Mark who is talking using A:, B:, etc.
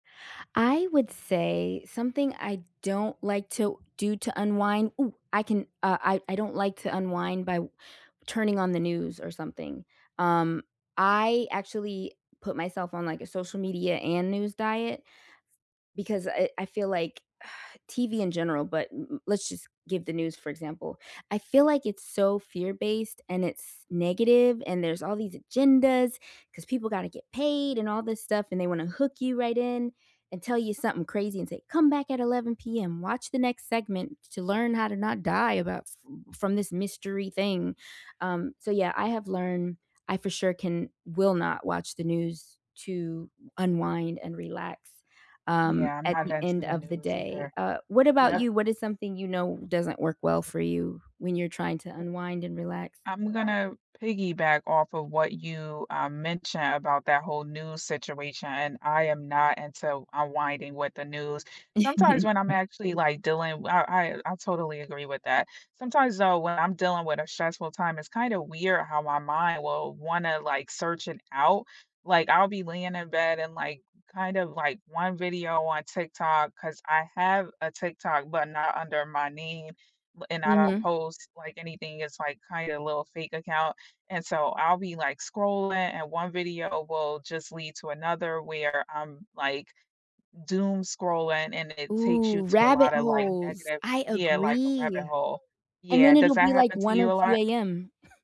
A: I would say something I don't like to do to unwind. Ooh, I can, uh, I I don't like to unwind by w turning on the news or something, um, I actually put myself on, like, a social media and news diet, because, uh, eh, I feel, like, TV in general, but m m let's, just, give the news, for example. I feel, like, it's so fear-based, and it's negative, and there's all these agendas, 'cause people gotta get paid and all this stuff, and they wanna hook you right in and tell you something crazy and say, "Come back at 11 PM watch the next segment to learn how to not die about sf from this mystery thing." um, so yeah, I have learned I for sure can will not watch the news to unwind and relax, um,
B: Yeah, I'm
A: at
B: not
A: the
B: into
A: end
B: the
A: of the
B: news
A: day.
B: either.
A: Uh, what about
B: Yep.
A: you? What is something you know doesn't work well for you when you're trying to
B: [unintelligible]
A: unwind and relax?
B: I'm gonna piggyback off of what you, uh, mentioned about that whole news situation, and I am not into unwinding with the news. Sometimes when I'm actually, like, dealing wi I I I totally agree with that. Sometimes though, when I'm dealing with a stressful time, it's, kinda, weird how my mind will wanna, like, search it out. Like I'll be laying in bed and, like, kind of, like, one video on TikTok, 'cause I have a TikTok, but not under my name, but and I don't
A: Mhm.
B: post, like, anything, it's like, kinda, a little fake account, and so I'll be, like, scrolling and one video will, just, lead to another where I'm, like, doomscrolling and it takes you
A: Ooh,
B: to a
A: rabbit
B: lotta, like,
A: holes,
B: negative,
A: I
B: yeah, like, a rabbit
A: agree,
B: hole,
A: and
B: yeah,
A: then
B: does
A: it'll
B: that
A: be, like,
B: happen to
A: 1
B: you
A: or
B: a
A: 2
B: lot?
A: AM.